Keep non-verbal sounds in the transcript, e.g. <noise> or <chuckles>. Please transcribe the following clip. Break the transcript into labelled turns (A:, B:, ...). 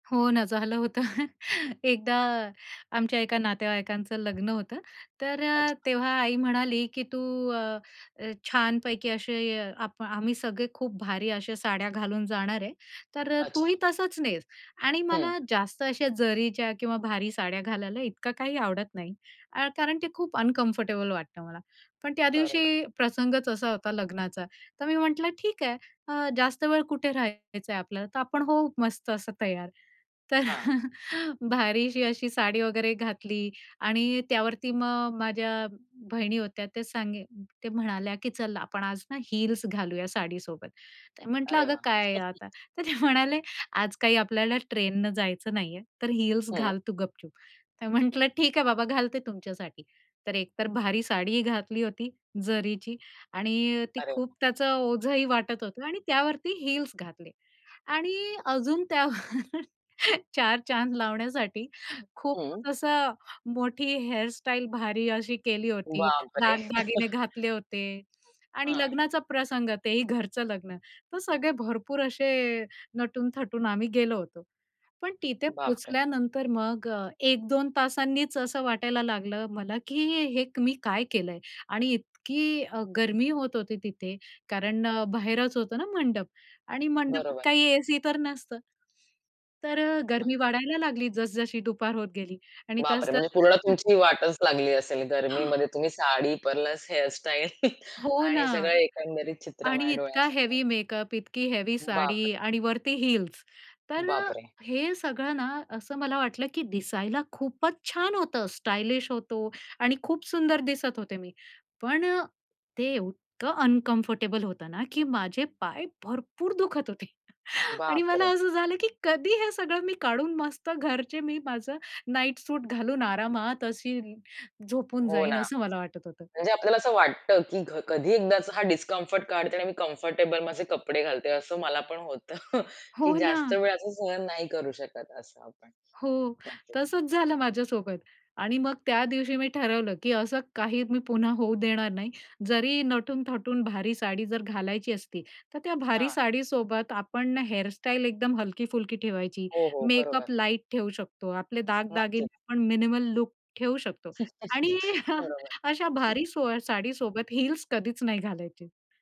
A: हो ना, झालं होतं. <chuckles> एकदा आमच्या एका नातेवाईकांचं लग्न होतं, तर अ,
B: अच्छा.
A: तेव्हा आई म्हणाली, की "तू अ, अ, छानपैकी असे आप आम्ही सगळे खूप भारी अशा साड्या घालून जाणार आहे, तर अ, तूही
B: अच्छा.
A: तसंच नेस" आणि
B: हं.
A: मला जास्त अशा जरीच्या किंवा भारी साड्या घालायला इतकं काही आवडत नाही अ, कारण ते खूप अनकम्फर्टेबल वाटतं मला. पण त्या
B: बरं.
A: दिवशी प्रसंगच असा होता लग्नाचा, तर मी म्हटलं ठीक आहे, अ, जास्त वेळ कुठे राहायचंय आपल्याला, तर आपण होऊ मस्त असं तयार. तर
B: हां.
A: <chuckles> भारीशी अशी साडी वगैरे घातली आणि त्यावरती मग माझ्या बहिणी होत्या, ते सांगी ते म्हणाल्या की "चल आपण आज ना हील्स घालूया साडीसोबत." तर म्हटलं,
B: अरे
A: "अगं
B: वाह!
A: काय हे
B: <chuckles>
A: आता." तर ते म्हणाले, "आज काही आपल्याला ट्रेनने जायचं नाहीये, तर हील्स
B: हं.
A: घाल तू गपचूप." तर म्हटलं, "ठीक आहे बाबा, घालते तुमच्यासाठी." तर एकतर भारी साडीही घातली होती जरीची आणि ती
B: अरे
A: खूप
B: वा
A: त्याचं ओझंही वाटत होतं आणि त्यावरती हील्स घातले आणि अजून त्यावर चार चांद लावण्यासाठी खूप
B: हं.
A: मो असा मोठी हेअरस्टाईल भारी अशी केली होती,
B: बापरे!
A: दागदागिने
B: <chuckles>
A: घातले होते आणि
B: हां.
A: लग्नाचा प्रसंग, तेही घरचं लग्न, तर सगळे भरपूर असे नटून-थटून आम्ही गेलो होतो. पण तिथे
B: बापरे!
A: पोचल्यानंतर मग अ, 1-2 तासांनीच असं वाटायला लागलं मला की हे हे क मी काय केलंय आणि इतकी अ, गर्मी होत होती तिथे कारण अ, बाहेरच होतं ना मंडप आणि मंडपात
B: बरोबर.
A: काही एसी तर नसतं. तर अ,
B: न
A: गर्मी वाढायला लागली जसजशी दुपार होत गेली आणि
B: बापरे! म्हणजे
A: तसतसं
B: पूर्ण
A: <chuckles>
B: तुमची वाटच लागली असेल.
A: हां.
B: गर्मीमध्ये तुम्ही साडी प्लस हेअरस्टाईल <chuckles>
A: हो ना
B: आणि सगळं एकंदरीत चित्र
A: आणि
B: माझ्या
A: इतका
B: डोळ्यासमोर
A: हेवी मेकअप, इतकी हेवी साडी
B: बापरे!
A: आणि वरती हील्स. तर अ,
B: बापरे!
A: हे सगळं ना असं मला वाटलं की दिसायला खूपच छान होतं, स्टायलिश होतो आणि खूप सुंदर दिसत होते मी, पण अ, ते एव इतकं अनकम्फर्टेबल होतं ना की माझे पाय भरपूर दुखत होते आणि मला
B: बापरे!
A: असं झालं की कधी हे सगळं मी काढून मस्त घरचे मी माझं नाईट सूट घालून आरामात अशी झोपून
B: हो
A: जाईन
B: ना,
A: असं मला वाटत होतं.
B: म्हणजे आपल्याला असं वाटतं की घ कधी एकदाचं हा डिस्कम्फर्ट काढते आणि मी कम्फर्टेबल माझे कपडे घालते. असं मला पण होतं <scoffs> की
A: हो ना.
B: जास्त वेळ असं सहन नाही करू शकत असं आपण.
A: हो.
B: नक्कीच.
A: तसंच झालं माझ्यासोबत. आणि मग त्या दिवशी मी ठरवलं की असं काही मी पुन्हा होऊ देणार नाही. जरी नटून-थटून भारी साडी जर घालायची असती, तर त्या भारी
B: हां.
A: साडीसोबत आपण हेअरस्टाईल एकदम हलकी-फुलकी ठेवायची.
B: हो, हो, बरोबर.
A: मेकअप लाईट ठेऊ शकतो, आपले दागदागिने
B: नक्कीच.
A: आपण मिनिमल लूक ठेऊ शकतो. आणि
B: <chuckles>
A: अ,
B: बरोबर.
A: अशा भारी सोया साडीसोबत हील्स कधीच नाही घालायचे.